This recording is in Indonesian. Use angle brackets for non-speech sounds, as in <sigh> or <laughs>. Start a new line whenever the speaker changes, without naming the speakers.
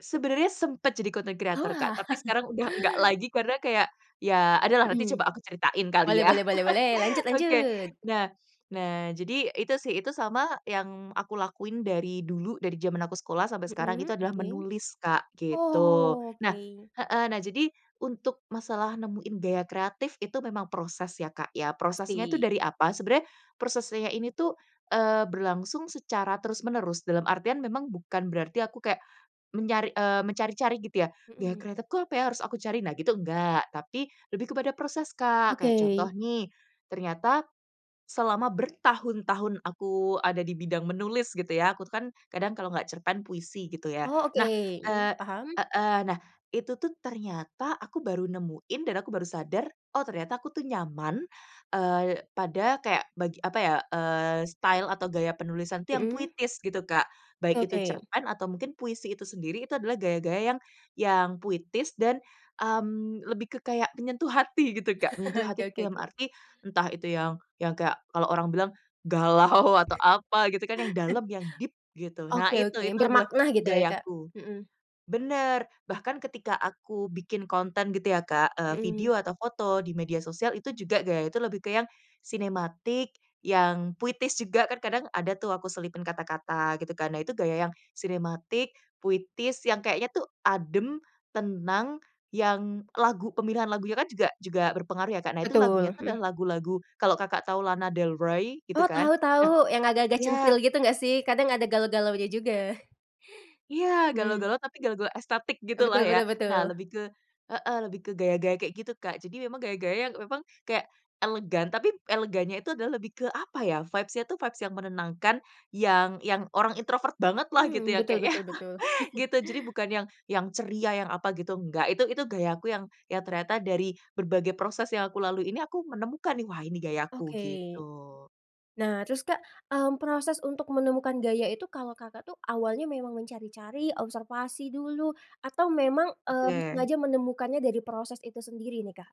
Sebenarnya sempet jadi content creator Kak,
Wah.
tapi sekarang udah nggak
<laughs>
lagi, karena kayak, ya adalah, nanti
Mhm.
coba aku ceritain kali
Boleh
ya.
boleh boleh boleh, lanjut
<chuckles> Oke,
lanjut.
nah nah, jadi, itu sih, itu sama yang aku lakuin dari dulu, dari zaman aku sekolah, sampai sekarang
Mhm
itu adalah
oke.
menulis Kak, gitu.
Oh,
Nah
oke.
heeh nah jadi, untuk masalah nemuin gaya kreatif, itu memang proses ya Kak ya. Prosesnya itu
Pasti.
dari apa, sebenarnya proses saya ini tuh, eee, berlangsung secara terus-menerus dalam artian memang bukan berarti aku kayak, menyari eee, mencari-cari gitu ya. Gaya
Mhm.
kreatifku apa ya, harus aku cari. Nah gitu enggak, tapi, lebih kepada proses, Kak. Kayak contoh
Oke.
nih, ternyata, selama bertahun-tahun aku ada di bidang menulis gitu ya, aku tuh kan, kadang kalau nggak cerpen, puisi gitu ya.
Oh oke,
Nah,
mmm,
eee
paham.
heeh, nah, itu tuh ternyata aku baru nemuin dan aku baru sadar, "oh ternyata aku tuh nyaman, eee, pada kayak bag apa ya, eee, style atau gaya penulisan tuh yang
Hmm.
puitis, gitu, Kak. Baik itu
Oke.
cerpen, atau mungkin puisi itu sendiri, itu adalah gaya-gaya yang yang puitis, dan lebih ke kayak, mmm, menyentuh hati, gitu, Kak. Menyentuh
<laughs> Oke
hati itu
oke
dalam
oke.
arti, entah itu yang yang kayak kalau orang bilang, galau, atau apa, gitu kan, yang
<chuckles>
dalem yang deep gitu. Nah
Oke
itu
oke,
itu adalah
bermakna, gitu ya Kak,
gayaku
mhm.
benar, bahkan ketika aku bikin konten gitu ya Kak, eee,
Mhm.
video atau foto di media sosial, itu juga gaya itu lebih ke yang sinematik, yang puitis juga, kan kadang ada tuh aku selipin kata-kata, gitu kan. Nah itu gaya yang, sinematik, puitis, yang kayaknya tuh adem, tenang, yang lagu pemilihan lagunya kan juga juga berpengaruh ya Kak, nah itu lagunya
Betul,
tuh
mhm.
adalah lagu-lagu kalau Kakak tahu Lana Del Rey, gitu
Oh,
kan,
tau
nah
tau, yang agak-agak
iya
centil gitu nggak sih, kadang ada galau-galaunya juga.
Iya
Hmm.
galau-galau, tapi galau-galau estetik gitulah
Betul
ya.
betul
Nah
betul.
lebih ke heeh, lebih ke gaya-gaya kayak gitu Kak. Jadi memang, gaya-gaya memang, kayak elegan tapi elegannya itu adalah lebih ke apa ya, vibes-nya itu vibes yang menenangkan, yang yang orang introvert banget lah gitu
Mmm,
ya
betul
Kak ya,
betul betul.
<chuckles>
<chuckles>
gitu. Jadi bukan yang yang ceria, yang apa gitu, enggak, itu itu gayaku yang, ya ternyata dari berbagai proses yang aku lalui ini aku menemukan nih, "wah ini gayaku"
Oke.
gitu.
Nah terus Kak, mmm, proses untuk menemukan gaya itu kalau Kakak tuh, awalnya memang mencari-cari, observasi dulu, atau memang, mmm,
Oke.
sengaja menemukannya dari proses itu sendiri nih, Kak?